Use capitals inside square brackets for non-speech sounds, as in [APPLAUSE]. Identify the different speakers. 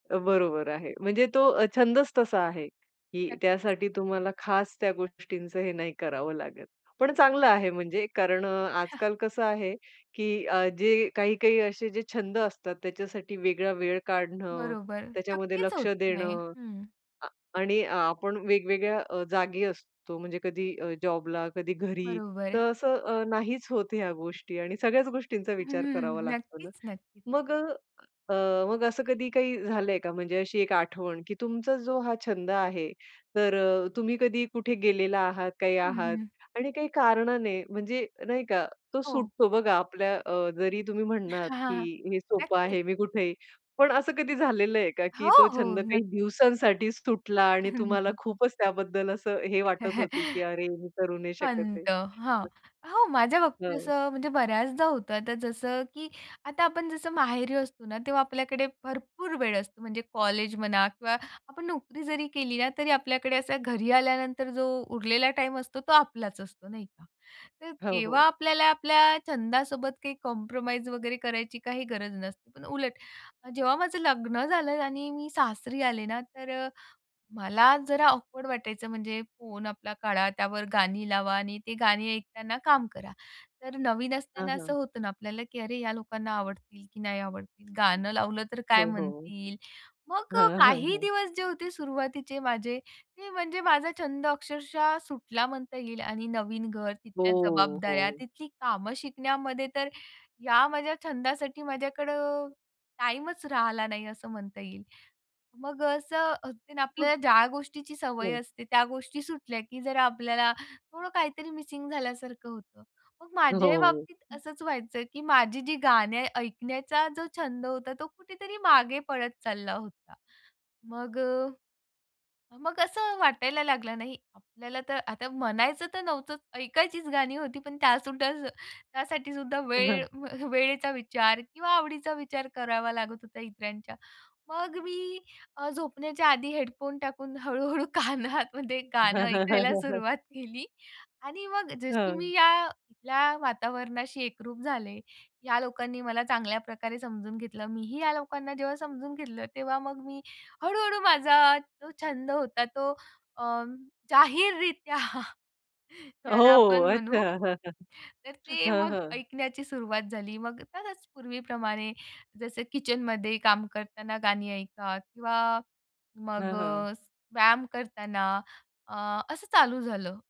Speaker 1: अ, बरोबर आहे. म्हणजे तो अ, छंदच तसा आहे की
Speaker 2: नक्कीच.
Speaker 1: त्यासाठी तुम्हाला खास त्या गोष्टींचं हे नाही करावं लागत. पण चांगलं आहे, म्हणजे कारण अ, आजकाल कसं आहे की अ, जे काही-काही असे जे छंद असतात, त्याच्यासाठी वेगळा वेळ काढणं,
Speaker 2: बरोबर.
Speaker 1: त्याच्यामध्ये
Speaker 2: नक्कीच
Speaker 1: लक्ष
Speaker 2: होत नाही.
Speaker 1: देणं.
Speaker 2: हं.
Speaker 1: अ, आणि आपण वेगवेगळ्या अ, जागी असतो, म्हणजे कधी अ, जॉबला, कधी घरी,
Speaker 2: बरोबर आहे.
Speaker 1: तर असं अ, नाहीच होत ह्या गोष्टी, आणि सगळ्याच गोष्टींचा विचार करावा
Speaker 2: हं.
Speaker 1: लागतो ना.
Speaker 2: नक्कीच, नक्कीच.
Speaker 1: मग अ, अ, मग असं कधी काही झालंय का? म्हणजे अशी एक आठवण की तुमचा जो हा छंद आहे, तर अ, तुम्ही कधी कुठे गेलेला आहात, काही
Speaker 2: हं,
Speaker 1: आहात
Speaker 2: हं.
Speaker 1: आणि काही कारणाने म्हणजे नाही का, तो
Speaker 2: हो.
Speaker 1: सुटतो? बघा आपल्या अ, जरी तुम्ही म्हणालात,
Speaker 2: हां,
Speaker 1: की
Speaker 2: हां.
Speaker 1: हे सोपं
Speaker 2: नक्कीच.
Speaker 1: आहे, मी कुठंय. पण असं कधी झालेलं आहे का, की
Speaker 2: हो,
Speaker 1: तो
Speaker 2: हो.
Speaker 1: छंद काही
Speaker 2: नक्कीच.
Speaker 1: दिवसांसाठीच सुटला, आणि
Speaker 2: हं,
Speaker 1: तुम्हाला
Speaker 2: हं.
Speaker 1: खूपच त्याबद्दल असं हे वाटत होते, की
Speaker 2: [CHUCKLES]
Speaker 1: "अरे, मी करू नाही शकत आहे?"
Speaker 2: खंत. हां,
Speaker 1: [UNINTELLIGIBLE]
Speaker 2: हो, माझ्या बाबतीत
Speaker 1: हो.
Speaker 2: असं, म्हणजे बऱ्याचदा होतं. आता जसं, की आता आपण जसं माहेरी असतो ना तेव्हा आपल्याकडे भरपूर वेळ असतो. म्हणजे कॉलेज म्हणा किंवा आपण नोकरी जरी केली ना, तरी आपल्याकडे असा घरी आल्यानंतर जो उरलेला टाईम असतो, तो आपलाच असतो नाही का. तर
Speaker 1: हो,
Speaker 2: तेव्हा
Speaker 1: हो.
Speaker 2: आपल्याला आपल्या छंदासोबत काही कॉम्प्रोमाईज वगैरे करायची काही गरज नसते. पण उलट, जेव्हा माझं लग्न झालं आणि मी सासरी आले ना, तर अ, मला जरा ऑकवर्ड वाटायचं. म्हणजे फोन आपला काढा, त्यावर गाणी लावा, आणि ती गाणी ऐकताना काम करा. तर नवीन
Speaker 1: हां,
Speaker 2: असताना असं
Speaker 1: हां.
Speaker 2: होतं ना आपल्याला की अरे ह्या लोकांना आवडतील, की नाही आवडतील, गाणं लावलं तर काय
Speaker 1: हो, हो.
Speaker 2: म्हणतील? मग
Speaker 1: हां,
Speaker 2: अ,
Speaker 1: हां,
Speaker 2: काही
Speaker 1: हां.
Speaker 2: दिवस जे होते सुरुवातीचे माझे ते म्हणजे माझा छंद अक्षरशः सुटला, म्हणता येईल. आणि नवीन घर, तिथल्या
Speaker 1: हो,
Speaker 2: जबाबदाऱ्या,
Speaker 1: हो.
Speaker 2: तिथली कामं शिकण्यामध्ये, तर या माझ्या छंदासाठी माझ्याकडं टाईमच राहिला नाही, असं म्हणता येईल. मग अ, असं, ते
Speaker 1: हो.
Speaker 2: आपल्याला ज्या गोष्टीची सवय
Speaker 1: बरं.
Speaker 2: असते, त्या गोष्टी सुटल्या की जरा आपल्याला थोडं काहीतरी मिसिंग झाल्यासारखं होतं. मग माझ्याही
Speaker 1: हो.
Speaker 2: बाबतीत
Speaker 1: हं.
Speaker 2: असंच व्हायचं की माझी जी गाणे ऐकण्याचा जो छंद होता, तो कुठेतरी मागे पडत चालला होता. मग अ, अ, मग असं वाटायला लागलं, नाही आपल्याला तर आता म्हणायचं तर नव्हतं, ऐकायचीच गाणी होती, पण त्यासुद्धा त्यासाठी सुद्धा
Speaker 1: अ,
Speaker 2: वेळ
Speaker 1: हं.
Speaker 2: व वेळेचा विचार किंवा आवडीचा विचार करावा लागत होता इतरांच्या. मग मी अ, झोपण्याच्या आधी हेडफोन टाकून, हळू-हळू कानामध्ये गाणं
Speaker 1: हं, हं, हं,
Speaker 2: ऐकायला
Speaker 1: हं, हं.
Speaker 2: सुरुवात केली, आणि मग जशी
Speaker 1: हं.
Speaker 2: मी या या वातावरणाशी एकरूप झाले, या लोकांनी मला चांगल्या प्रकारे समजून घेतलं. मी ही या लोकांना जेव्हा समजून घेतलं, तेव्हा मग मी हळ-हळू माझा तो छंद होता, तो अ, जाहीररीत्या त्याला
Speaker 1: हो.
Speaker 2: आपण
Speaker 1: अच्छा.
Speaker 2: म्हणू
Speaker 1: हं, हं.
Speaker 2: तर, ते
Speaker 1: हं,
Speaker 2: मग
Speaker 1: हं.
Speaker 2: ऐकण्याची सुरुवात झाली. मग खरंच पूर्वीप्रमाणे, जसं किचनमध्ये काम करताना गाणी ऐका किंवा मग
Speaker 1: हं, हं.
Speaker 2: अ, व्यायाम करताना, अ, असं चालू झालं.